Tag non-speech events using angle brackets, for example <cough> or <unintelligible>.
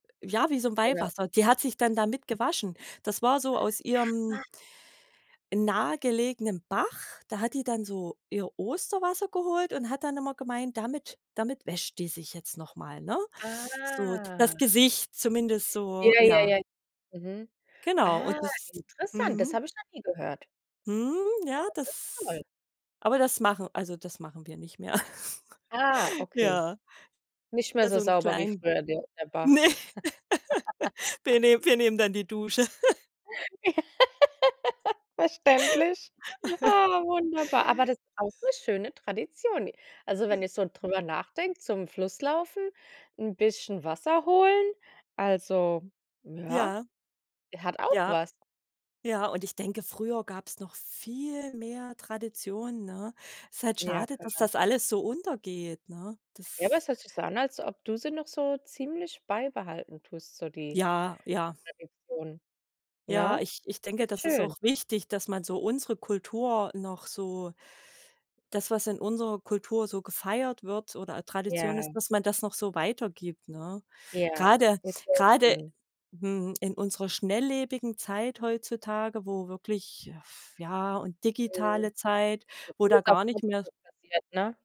Ja, wie so 'n Oder Weihwasser. Die hat sich dann damit gewaschen. Das war so aus ihrem <unintelligible> nahegelegenen Bach. Da hat die dann so ihr Osterwasser geholt und hat dann immer gemeint, damit damit wäscht die sich jetzt noch mal, ne? So, Ah. das Gesicht zumindest so, Ja, ja, ja. ja. Mhm. Genau und Ah, das interessant, das mhm. habe ich noch nie gehört. Mhm. Ja, Das ist toll. das aber das machen also, das machen wir nicht mehr. <giggles> Ah, okay. Ja. Nicht mehr Ja, so so 'n sauber wie kleinen früher, der der Bach. ne, <laughs> <laughs> wir nehmen wir nehmen dann die Dusche. <laughs> <laughs> Verständlich. <laughs> Ah, wunderbar, aber das ist auch 'ne schöne Tradition. I also, J wenn ich so drüber nachdenke: zum Fluss laufen, 'n bisschen Wasser holen, also, ja, Ja. der hat auch Ja, was. ja, und ich denke, früher gab's noch viel mehr Tradition, ne? Ist halt Ja, schade, dass klar. das alles so untergeht, ne? Ja, aber Das es hört sich so an, als ob du sie noch so ziemlich beibehalten tust, so die Ja, ja. Tradition, Ja, ne? ich ich denke, Ist das ist schön. auch wichtig, dass man so unsere Kultur noch so das, was in unserer Kultur so gefeiert wird oder Tradition Ja. ist, dass man das noch so weitergibt, ne? Ja, Grade ist auch grade schön. mhm, in unserer schnelllebigen Zeit heutzutage, wo wirklich f ja, und Mhm. digitale Zeit, wo da <unintelligible> gar nicht mehr passiert, ne?